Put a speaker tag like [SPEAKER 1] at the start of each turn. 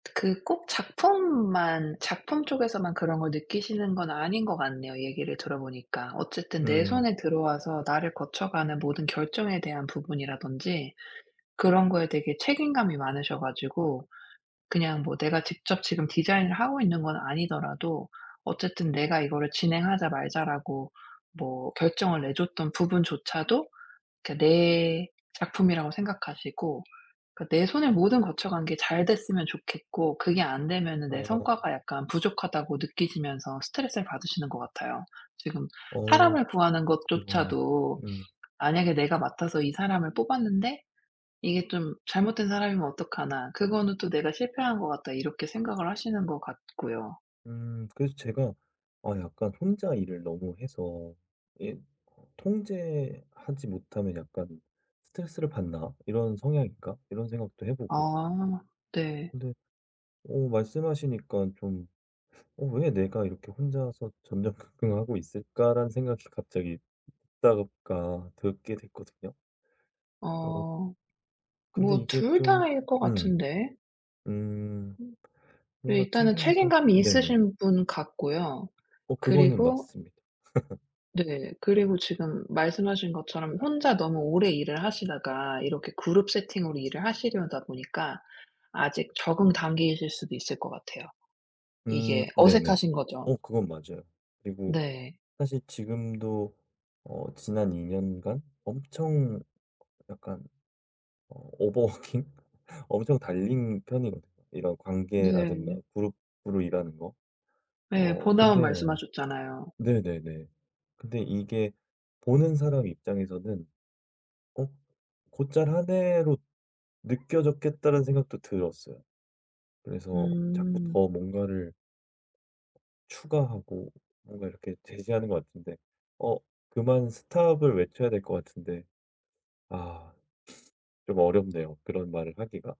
[SPEAKER 1] 그 꼭 작품만 작품 쪽에서만 그런 걸 느끼시는 건 아닌 것 같네요 얘기를 들어 보니까. 어쨌든 내
[SPEAKER 2] 음.
[SPEAKER 1] 손에 들어와서 나를 거쳐가는 모든 결정에 대한 부분이라든지 그런 거에 되게 책임감이 많으셔 가지고 그냥 뭐 내가 직접 지금 디자인을 하고 있는 건 아니더라도 어쨌든 내가 이거를 "진행하자. 말자."라고 뭐 결정을 내줬던 부분조차도 이렇게 내 작품이라고 생각하시고 그 내 손에 모든 거쳐 간 게 잘 됐으면 좋겠고 그게 안 되면은 내
[SPEAKER 2] 어.
[SPEAKER 1] 성과가 약간 부족하다고 느끼시면서 스트레스를 받으시는 것 같아요. 지금
[SPEAKER 2] 어.
[SPEAKER 1] 사람을 구하는
[SPEAKER 2] 그러네.
[SPEAKER 1] 것조차도
[SPEAKER 2] 음.
[SPEAKER 1] '만약에 내가 맡아서 이 사람을 뽑았는데 이게 좀 잘못된 사람이면 어떡하나? 그거는 또 내가 실패한 것 같다.' 이렇게 생각을 하시는 것 같고요.
[SPEAKER 2] 음. 그래서 제가 '아 약간 혼자 일을 너무 해서 이게 통제하지 못하면 약간 스트레스를 받나? 이런 성향인가'? 이런 생각도 해 보고요.
[SPEAKER 1] 아. 네.
[SPEAKER 2] 근데 어 말씀하시니까 좀 '어 왜 내가 이렇게 혼자서 전전긍긍하고 있을까?'라는 생각이 갑자기 듣다 보니까 듣게 됐거든요. 어.
[SPEAKER 1] 어.
[SPEAKER 2] 근데
[SPEAKER 1] 뭐
[SPEAKER 2] 이게
[SPEAKER 1] 둘
[SPEAKER 2] 좀
[SPEAKER 1] 다일 것
[SPEAKER 2] 음.
[SPEAKER 1] 같은데.
[SPEAKER 2] 음.
[SPEAKER 1] 음. 예
[SPEAKER 2] 뭔가
[SPEAKER 1] 일단은
[SPEAKER 2] 책임과
[SPEAKER 1] 책임감이
[SPEAKER 2] 네네.
[SPEAKER 1] 있으신 분 같고요.
[SPEAKER 2] 어 그거는
[SPEAKER 1] 그리고
[SPEAKER 2] 맞습니다.
[SPEAKER 1] 네. 그리고 지금 말씀하신 것처럼 혼자 너무 오래 일을 하시다가 이렇게 그룹 세팅으로 일을 하시려다 보니까 아직 적응 단계이실 수도 있을 것 같아요.
[SPEAKER 2] 음.
[SPEAKER 1] 이게
[SPEAKER 2] 네네.
[SPEAKER 1] 어색하신 거죠.
[SPEAKER 2] 어 그건 맞아요. 그리고
[SPEAKER 1] 네.
[SPEAKER 2] 사실 지금도 어 지난 2 년간 엄청 약간 어 오버 워킹? 엄청 달린 편이거든요. 이런 관계라든가
[SPEAKER 1] 네.
[SPEAKER 2] 그룹으로 일하는 거.
[SPEAKER 1] 네.
[SPEAKER 2] 어
[SPEAKER 1] 번아웃
[SPEAKER 2] 근데
[SPEAKER 1] 말씀하셨잖아요.
[SPEAKER 2] 네네네 근데 이게 '보는 사람 입장에서는 "어 곧잘 하네."로 느껴졌겠다.'라는 생각도 들었어요. 그래서 자꾸
[SPEAKER 1] 음.
[SPEAKER 2] 더 뭔가를 추가하고 뭔가 이렇게 제시하는 것 같은데 어 그만 스톱을 외쳐야 될 것 같은데. 아 좀 어렵네요 그런 말을 하기가.